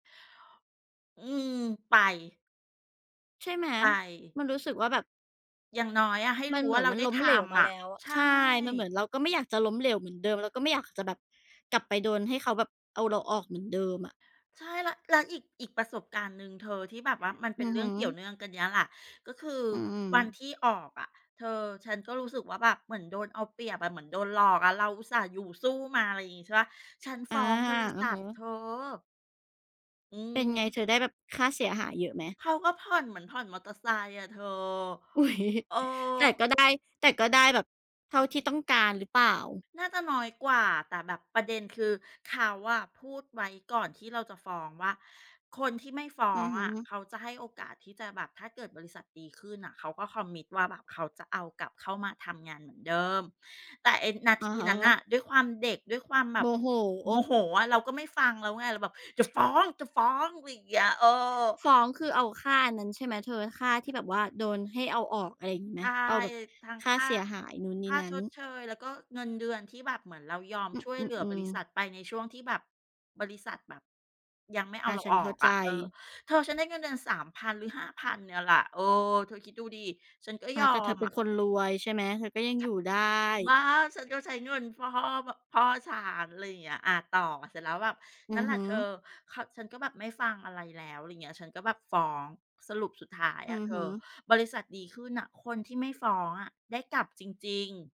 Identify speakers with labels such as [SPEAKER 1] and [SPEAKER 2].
[SPEAKER 1] อืม ไป
[SPEAKER 2] ใช่ไหม
[SPEAKER 1] ไป
[SPEAKER 2] มันรู้สึกว่าแบบ
[SPEAKER 1] อย่างน้อยอะให้
[SPEAKER 2] ม
[SPEAKER 1] ร
[SPEAKER 2] ั
[SPEAKER 1] ู
[SPEAKER 2] น
[SPEAKER 1] ้
[SPEAKER 2] เห
[SPEAKER 1] ว
[SPEAKER 2] ม
[SPEAKER 1] ่
[SPEAKER 2] ื
[SPEAKER 1] า
[SPEAKER 2] อ
[SPEAKER 1] เ
[SPEAKER 2] น
[SPEAKER 1] รา
[SPEAKER 2] มัน
[SPEAKER 1] ได้
[SPEAKER 2] ล้
[SPEAKER 1] ท
[SPEAKER 2] มเหลวม
[SPEAKER 1] ำ
[SPEAKER 2] า
[SPEAKER 1] อ
[SPEAKER 2] แล
[SPEAKER 1] ะ
[SPEAKER 2] ้วอะ
[SPEAKER 1] ใช
[SPEAKER 2] ใ
[SPEAKER 1] ่
[SPEAKER 2] ช่ มันเหมือนเราก็ไม่อยากจะล้มเหลวเหมือนเดิม เราก็ไม่อยากจะแบบกลับไปโดนให้เขาแบบเอาเราออกเหมือนเดิมอะ
[SPEAKER 1] ใช่ แล้ว แล้วอีก อีกประสบการณ์หนึ่งเธอที่แบบว่ามันเป
[SPEAKER 2] อ
[SPEAKER 1] ็
[SPEAKER 2] ื
[SPEAKER 1] น
[SPEAKER 2] อ
[SPEAKER 1] เรื
[SPEAKER 2] ฮ
[SPEAKER 1] ่อ
[SPEAKER 2] ึ
[SPEAKER 1] งเกี่ยวเนื่องกันเนี้ยแหละ ก็คือ
[SPEAKER 2] อื
[SPEAKER 1] วัน
[SPEAKER 2] ม
[SPEAKER 1] ที่ออกอะเธอ ฉันก็รู้สึกว่าแบบเหมือนโดนเอาเปรียบอะ เหมือนโดนหลอกอะเราอุตส่าห์อยู่สู้มา อะไรอย่างงี้ใช่เปล่า ฉัน
[SPEAKER 2] อ
[SPEAKER 1] ฟ
[SPEAKER 2] า
[SPEAKER 1] ้องบริ
[SPEAKER 2] อื
[SPEAKER 1] ษ
[SPEAKER 2] อ
[SPEAKER 1] ั
[SPEAKER 2] ฮ
[SPEAKER 1] ท
[SPEAKER 2] ึ
[SPEAKER 1] เธอ อื
[SPEAKER 2] เป็นไง
[SPEAKER 1] ม
[SPEAKER 2] เธอ ได้แบบค่าเสียหายเยอะไหม?
[SPEAKER 1] เขาก็ผ่อนเหมือนผ่อนมอเตอร์ไซค์อะเธอ
[SPEAKER 2] อุ๊ย
[SPEAKER 1] เออ
[SPEAKER 2] แต่ก็ได้ แต่ก็ได้แบบเท่าที่ต้องการหรือเปล่า?
[SPEAKER 1] น่าจะน้อยกว่า แต่แบบประเด็นคือเขาอะพูดไว้ก่อนที่เราจะฟ้องว่า คนที่ไม่ฟ้
[SPEAKER 2] อ
[SPEAKER 1] อ
[SPEAKER 2] ือ
[SPEAKER 1] ง
[SPEAKER 2] ฮ
[SPEAKER 1] อะ
[SPEAKER 2] ึ
[SPEAKER 1] เขาจะให้โอกาสที่จะแบบ ถ้าเกิดบริษัทดีขึ้นน่ะเขาก็ Commit ว่าแบบเขาจะเอากลับเข้ามาทำงานเหมือนเดิม แต่ไอ้นา
[SPEAKER 2] อ
[SPEAKER 1] ท
[SPEAKER 2] ะ
[SPEAKER 1] ี
[SPEAKER 2] ฮ
[SPEAKER 1] นั้นน
[SPEAKER 2] ะ
[SPEAKER 1] ่ะด้วยความเด็ก ด้วยความแบ
[SPEAKER 2] โม
[SPEAKER 1] บ
[SPEAKER 2] โห
[SPEAKER 1] โมโหอะ เราก็ไม่ฟังแล้วไง เราแบบ จะฟ้อง ๆ อะไรเงี้ย เออ
[SPEAKER 2] ฟ้องคือเอาค่าอันนั้นใช่ไหมเธอ ค่าที่แบบว่าโดนให้เอาออก อะไรอย่างนี้ไ
[SPEAKER 1] ใ
[SPEAKER 2] ห
[SPEAKER 1] ช
[SPEAKER 2] ม?
[SPEAKER 1] ่
[SPEAKER 2] เอาแบบ
[SPEAKER 1] ทั้ง
[SPEAKER 2] ค
[SPEAKER 1] ค
[SPEAKER 2] ่า
[SPEAKER 1] ่า
[SPEAKER 2] เสียหายนู้นน
[SPEAKER 1] ค
[SPEAKER 2] ี่
[SPEAKER 1] ่า
[SPEAKER 2] นั้
[SPEAKER 1] ช
[SPEAKER 2] น
[SPEAKER 1] ดเชย แล้วก็เงินเดือนที่แบบเหมือนเรายอม
[SPEAKER 2] อ
[SPEAKER 1] ช่วย
[SPEAKER 2] อ
[SPEAKER 1] เหลือ
[SPEAKER 2] ื
[SPEAKER 1] บร
[SPEAKER 2] อ
[SPEAKER 1] ิษ
[SPEAKER 2] ๆ
[SPEAKER 1] ัทไปในช่วงที่แบบบริษัทแบบยังไม่เอ
[SPEAKER 2] อ
[SPEAKER 1] า
[SPEAKER 2] า
[SPEAKER 1] เรา
[SPEAKER 2] ฉั
[SPEAKER 1] อ
[SPEAKER 2] น
[SPEAKER 1] อ
[SPEAKER 2] เข้า
[SPEAKER 1] ก
[SPEAKER 2] ใ
[SPEAKER 1] อ
[SPEAKER 2] จ
[SPEAKER 1] ะ เออ เธอฉันได้เงินเดือน 3,000 หรือ 5,000 เนี่ยแหละ เออ เธอคิดดูดิฉันก็
[SPEAKER 2] อ
[SPEAKER 1] ย
[SPEAKER 2] า
[SPEAKER 1] อ
[SPEAKER 2] แต่เธอ
[SPEAKER 1] ม
[SPEAKER 2] เป็
[SPEAKER 1] อ
[SPEAKER 2] น
[SPEAKER 1] ะ
[SPEAKER 2] คนรวยใช่ไหม? เธอก็ยัง
[SPEAKER 1] ฉ
[SPEAKER 2] อ
[SPEAKER 1] ะ
[SPEAKER 2] ยู่ได้
[SPEAKER 1] บ้า ฉันก็ใช้เงินฟ่อ บ พ่อฉัน อะไรอย่างเงี้ย อะ ต่อ เสร็จแล้วแบบ
[SPEAKER 2] อื
[SPEAKER 1] นั่
[SPEAKER 2] อ
[SPEAKER 1] นแหล
[SPEAKER 2] ฮ
[SPEAKER 1] ะ
[SPEAKER 2] ึ
[SPEAKER 1] เธอ ข ฉันก็แบบไม่ฟังอะไรแล้ว อะไรเงี้ย ฉันก็แบบฟ้อง สรุปสุดท้าย
[SPEAKER 2] อื
[SPEAKER 1] อะ
[SPEAKER 2] อ
[SPEAKER 1] เธ
[SPEAKER 2] ฮ
[SPEAKER 1] อ
[SPEAKER 2] ึ
[SPEAKER 1] บริษัทดีขึ้นน่ะ คนที่ไม่ฟ้องอะได้กลับจริง ๆ